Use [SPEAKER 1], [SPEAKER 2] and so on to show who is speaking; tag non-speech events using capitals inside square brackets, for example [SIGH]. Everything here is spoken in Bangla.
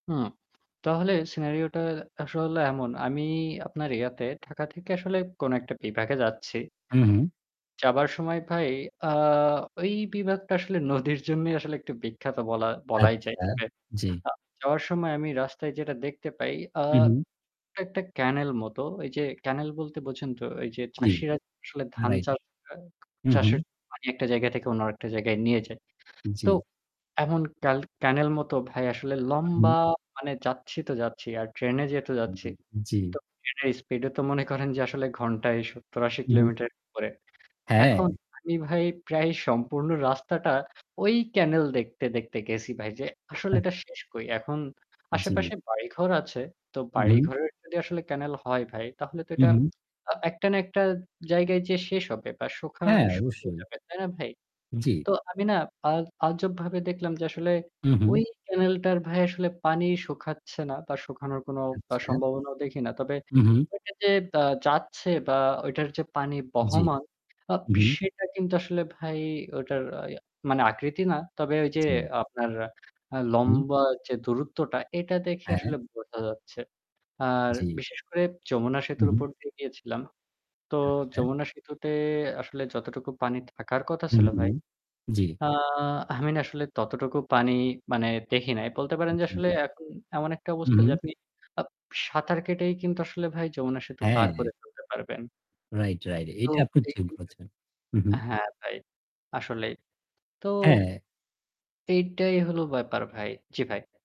[SPEAKER 1] হুম, তাহলে সিনারিওটা আসলে এমন। আমি আপনার ইয়াতে ঢাকা থেকে আসলে কোন একটা বিভাগে এ যাচ্ছি
[SPEAKER 2] হু, হু।
[SPEAKER 1] যাবার সময় ভাই আ ওই বিভাগটা আসলে নদীর জন্যই আসলে একটু বিখ্যাত বলা বলাই যায়।
[SPEAKER 2] আচ্ছা,
[SPEAKER 1] তবে
[SPEAKER 2] জি।
[SPEAKER 1] আ যাওয়ার সময় আমি রাস্তায় যেটা দেখতে পাই আ
[SPEAKER 2] হু, হু।
[SPEAKER 1] একটা ক্যানাল মতো। ওই যে ক্যানাল বলতে বোঝেন তো ওই যে
[SPEAKER 2] জি,
[SPEAKER 1] চাষীরা আসলে ধান
[SPEAKER 2] রাইট।
[SPEAKER 1] চাষ করে
[SPEAKER 2] হু, হু।
[SPEAKER 1] চাষের পানি একটা জায়গা থেকে অন্য একটা জায়গায় নিয়ে যায়। তো
[SPEAKER 2] জি।
[SPEAKER 1] এমন ক্যাল ক্যানাল মতো ভাই আসলে
[SPEAKER 2] হুম।
[SPEAKER 1] লম্বা মানে যাচ্ছি তো যাচ্ছি। আর ট্রেনে যেহেতু যাচ্ছি।
[SPEAKER 2] জি।
[SPEAKER 1] তো ট্রেনের স্পিড ও তো মনে করেন যে আসলে ঘণ্টায় ৭০, ৮০
[SPEAKER 2] উহু।
[SPEAKER 1] কিলোমিটার উপরে। এখন
[SPEAKER 2] হ্যাঁ।
[SPEAKER 1] আমি ভাই প্রায় সম্পূর্ণ রাস্তাটা ওই ক্যানাল দেখতে দেখতে গেছি ভাই। যে আসলে এটা শেষ কই? এখন
[SPEAKER 2] জি।
[SPEAKER 1] আশেপাশে বাড়িঘর আছে। তো
[SPEAKER 2] হু, হু।
[SPEAKER 1] বাড়িঘরের যদি আসলে ক্যানাল হয় ভাই তাহলে তো
[SPEAKER 2] হু,
[SPEAKER 1] এটা
[SPEAKER 2] হু।
[SPEAKER 1] আ একটা না একটা জায়গায় যে শেষ হবে বা শুখা
[SPEAKER 2] হ্যাঁ,
[SPEAKER 1] শুকিয়ে
[SPEAKER 2] অবশ্যই।
[SPEAKER 1] যাবে। তাই না ভাই?
[SPEAKER 2] জি।
[SPEAKER 1] তো আমি না আল আজব ভাবে দেখলাম যে আসলে
[SPEAKER 2] হু,
[SPEAKER 1] ওই
[SPEAKER 2] হু।
[SPEAKER 1] ক্যানালটার ভাই আসলে পানি শুখাচ্ছে না বা শুখানোর কোনো
[SPEAKER 2] আচ্ছা।
[SPEAKER 1] সম্ভাবনাও দেখি না। তবে
[SPEAKER 2] হুম, হুম।
[SPEAKER 1] ওইটা যে দা যাচ্ছে বা ওইটার যে পানি
[SPEAKER 2] জি,
[SPEAKER 1] বহমান আ
[SPEAKER 2] হু, হু।
[SPEAKER 1] সেটা কিন্তু আসলে ভাই ওটার মানে আকৃতি না। তবে ওই যে
[SPEAKER 2] জি।
[SPEAKER 1] আপনার আ
[SPEAKER 2] হুম।
[SPEAKER 1] লম্বা যে দূরত্বটা এটা দেখে
[SPEAKER 2] হ্যাঁ।
[SPEAKER 1] আসলে বোঝা যাচ্ছে। আর
[SPEAKER 2] জি।
[SPEAKER 1] বিশেষ করে যমুনা
[SPEAKER 2] হু,
[SPEAKER 1] সেতুর
[SPEAKER 2] হু।
[SPEAKER 1] উপর দিয়ে গিয়েছিলাম। তো
[SPEAKER 2] আচ্ছা।
[SPEAKER 1] যমুনা সেতুতে আসলে যতটুকু পানি থাকার কথা
[SPEAKER 2] হু,
[SPEAKER 1] ছিল
[SPEAKER 2] হু,
[SPEAKER 1] ভাই।
[SPEAKER 2] জি।
[SPEAKER 1] আ আমি না আসলে ততটুকু পানি মানে দেখি নাই। বলতে পারেন যে আসলে
[SPEAKER 2] জি।
[SPEAKER 1] এখন এমন একটা
[SPEAKER 2] হু,
[SPEAKER 1] অবস্থা যে
[SPEAKER 2] হু।
[SPEAKER 1] আপনি আপ সাঁতার কেটেই কিন্তু আসলে ভাই যমুনা সেতু পার করে
[SPEAKER 2] হ্যাঁ।
[SPEAKER 1] ফেলতে পারবেন।
[SPEAKER 2] রাইট, রাইট
[SPEAKER 1] তো
[SPEAKER 2] এটা আপনি
[SPEAKER 1] এই
[SPEAKER 2] ঠিক
[SPEAKER 1] [UNINTELLIGIBLE]
[SPEAKER 2] বলেছেন। হু, হু।
[SPEAKER 1] হ্যাঁ ভাই, আসলেই। তো
[SPEAKER 2] হ্যাঁ।
[SPEAKER 1] এইটাই হল ব্যাপার ভাই। জি, ভাই।